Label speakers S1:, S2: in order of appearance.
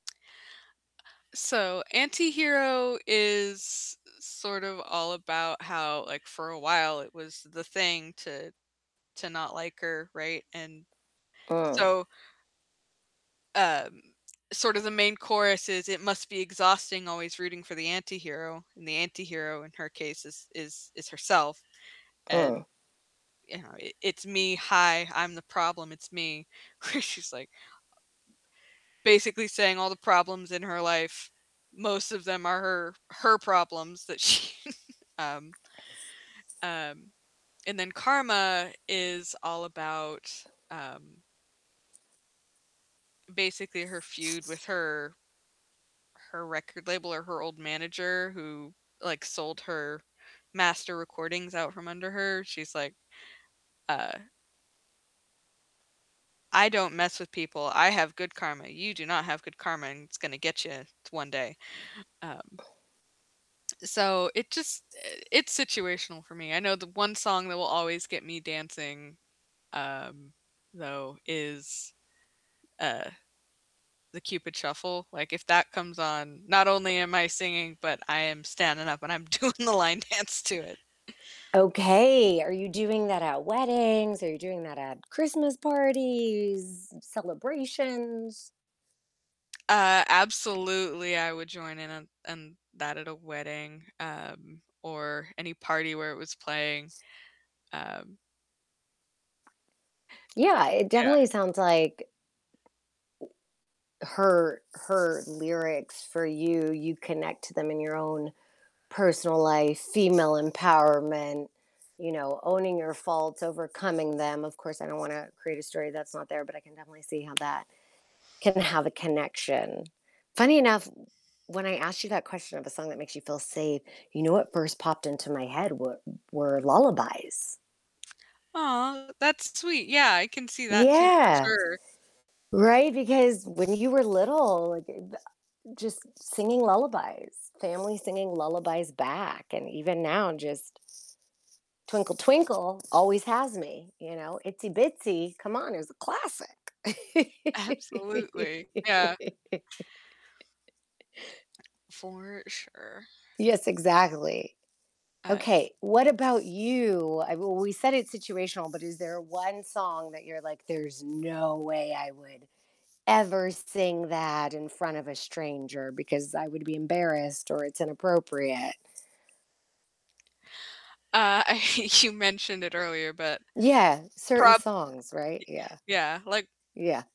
S1: So "Anti-Hero" is i sort of, all about how, like, for a while it was the thing to to not like her, right, and
S2: Uh.
S1: so um, sort of, the main chorus is, "It must be exhausting always rooting for the anti-hero," and the anti-hero in her case is is is herself, and,
S2: Uh.
S1: you know, "I it's me, hi, I'm the problem, it's me." Where she's, like basically saying all the problems in her life, most of them are her her problems that she um um, and then "Karma" is all about, um basically her feud with her her record label or her old manager who, like, sold her master recordings out from under her. She's like, uh "I don't mess with people. I have good karma. You do not have good karma, and it's gonna get you one day." Um so it just eh, it's situational for me. I know the one song that will always get me dancing, um, though, is, uh, the "Cupid Shuffle," like, if that comes on, not only am I singing, but I am standing up and I'm doing the line dance to it.
S2: Okay. Are you doing that at weddings? Are you doing that at Christmas parties, celebrations?
S1: Uh, absolutely I would join in on on that at a wedding, um, or any party where it was playing, um
S2: Yeah, it
S1: Yeah.
S2: definitely sounds like her her lyrics for you, you connect to them in your own personal life, female empowerment, you know, owning your faults, overcoming them, of course, I don't wanna create a story that's not there, but I can definitely see how that can have a connection. Funny enough w when I asked you that question of a song that makes you feel safe, you know what first popped into my head were were lullabies.
S1: Aw, that's sweet. Yeah, I can see that too, for
S2: Yeah.
S1: sure.
S2: Right, because when you were little, like, th just, singing lullabies, family singing lullabies back, and even now, just "Twinkle Twinkle" always has me, you know? "Itsy Bitsy," come on, it was a classic.
S1: Absolutely, yeah. For sure.
S2: Yes, exactly.
S1: Uh, it
S2: Okay. What about you? I w we said it's situational, but is there one song that you're like, "There's no way I would ever sing that in front of a stranger because I would be embarrassed or it's inappropriate?"
S1: Uh, you mentioned it earlier, but
S2: Yeah. Certain
S1: prob
S2: songs, right? Yeah.
S1: Y yeah, like
S2: Yeah.